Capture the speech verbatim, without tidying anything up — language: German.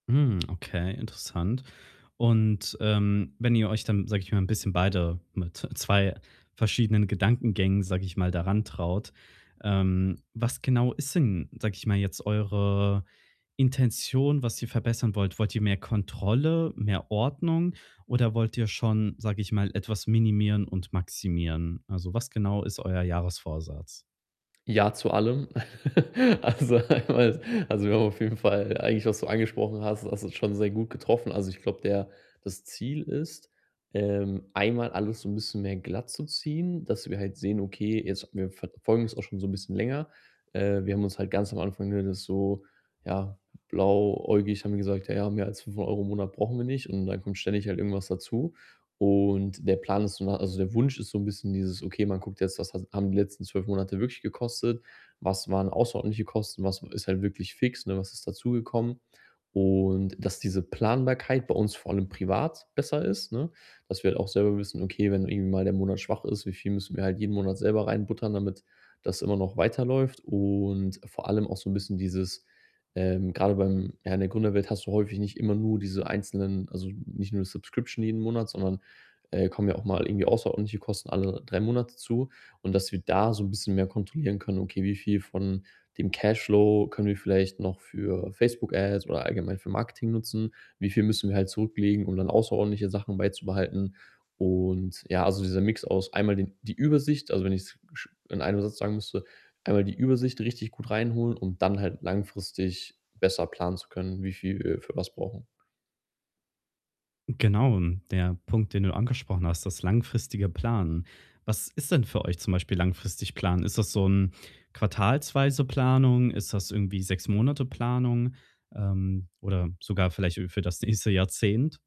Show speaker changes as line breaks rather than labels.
Hm, okay, interessant. Und, ähm, wenn ihr euch dann, sage ich mal, 'n bisschen beide mit zwei verschiedenen Gedankengängen, sage ich mal, da rantraut, ähm, was genau ist denn, sage ich mal, jetzt eure Intention, was ihr verbessern wollt? Wollt ihr mehr Kontrolle, mehr Ordnung oder wollt ihr schon, sage ich mal, etwas minimieren und maximieren? Also, was genau ist euer Jahresvorsatz?
Ja, zu allem. Also, einmal also, wir haben auf jeden Fall eigentlich, was du angesprochen hast, du hast es schon sehr gut getroffen. Also, ich glaube der das Ziel ist, ähm, einmal alles so 'n bisschen mehr glattzuziehen, dass wir halt sehen, okay, jetzt wir verfolgen es auch schon so 'n bisschen länger. Äh, wir haben uns halt ganz am Anfang, nur das so ja, blauäugig haben wir gesagt: „Ja, mehr als fünfhundert Euro im Monat brauchen wir nicht.“ Und dann kommt ständig halt irgendwas dazu. Und der Plan ist so also, der Wunsch ist so 'n bisschen dieses, okay, man guckt jetzt, was has haben die letzten zwölf Monate wirklich gekostet? Was waren außerordentliche Kosten? Was ist halt wirklich fix, ne? Was ist dazugekommen? Und dass diese Planbarkeit bei uns vor allem privat besser ist, ne? Dass wir halt auch selber wissen, okay, wenn irgendwie mal der Monat schwach ist, wie viel müssen wir halt jeden Monat selber reinbuttern, damit das immer noch weiterläuft? Und vor allem auch so 'n bisschen dieses, ähm, grade beim ja, in der Gründerwelt hast du häufig nicht immer nur diese einzelnen also nicht nur Subscription jeden Monat, sondern, äh, kommen ja auch mal irgendwie außerordentliche Kosten alle drei Monate zu. Und dass wir da so 'n bisschen mehr kontrollieren können, okay, wie viel von dem Cashflow können wir vielleicht noch für Facebook-Ads oder allgemein für Marketing nutzen? Wie viel müssen wir halt zurücklegen, um dann außerordentliche Sachen beizubehalten? Und, ja, also dieser Mix aus einmal den die Übersicht, also wenn ich's sch in einem Satz sagen müsste, einmal die Übersicht richtig gut reinholen, um dann halt langfristig besser planen zu können, wie viel wir für was brauchen.
Genau, der Punkt, den du angesprochen hast, das langfristige Planen. Was ist denn für euch zum Beispiel langfristig planen? Ist das so 'n quartalsweise Planung? Ist das irgendwie sechs Monate Planung, ähm, oder sogar vielleicht, äh, für das nächste Jahrzehnt?